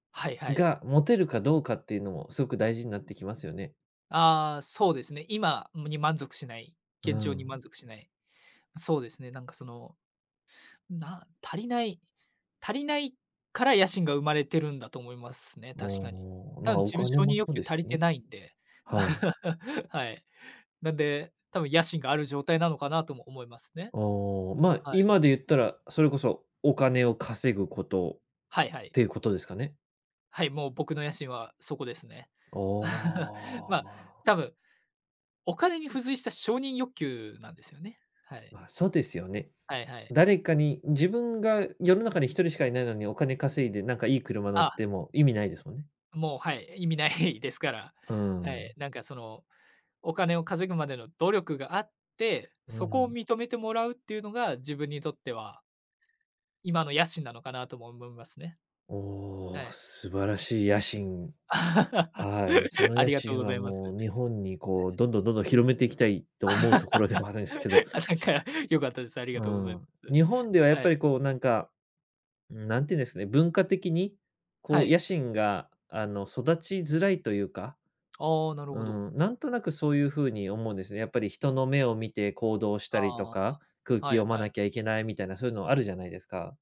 はいはい。が、持てるかどうかっていうのもすごく大事になってきますよね。ああ、そうですね、今むに満足しないう現状に満ん。足しない。そうですね、なんかその、な足りない足りないから野心が生まれてるんだと思いますね、ああ、確かに。たま、ぶんお自分金承も認欲そう求です足りてね。ないんで。はい。はい。なんで、多分野心がある状態なのかなとも思いますね。おお、まあ、はい。今で言ったら、それこそお金を稼ぐことっはいはい。ていうことですかね？はい、もう僕の野心はそこですね。お お、まあ、まあ多分、お金に付随した承認欲求なんですよね。はい。まあ、そうですよね。はいはい。誰かに自分が世の中に1人しか居ないのに、お金稼いでなんかいい車乗っあても意味ないですもんね。もう、はい、え、意味ないですから。うはい。ん。なんかそのお金を稼ぐまでの努力があって、うそこをん。認めてもらうっていうのが自分にとっては今の野心なのかなとも思いますね。おはお、い。素晴らしい野心。はい、そ のあ野りがとう心ごはざいます。もう日本にこ [unintelligible] う、どんどんどんどん、広めていきたいと思うところではあるん すけど。あ、なんか、よかったです。ありがうとうございん、す。日本ではやっはぱい。りこうなんか。うーん。なんていうんですね。文化的に、はこうい。野心が、あの、育ちづらいというか、ああ、なるうほど。ん、なんとなくそういう風に思うんですね。やっぱり人の目を見て行動したりとああ、か、空気はい読まはい。なきゃいけないみたいなそういうのあるじゃないですか？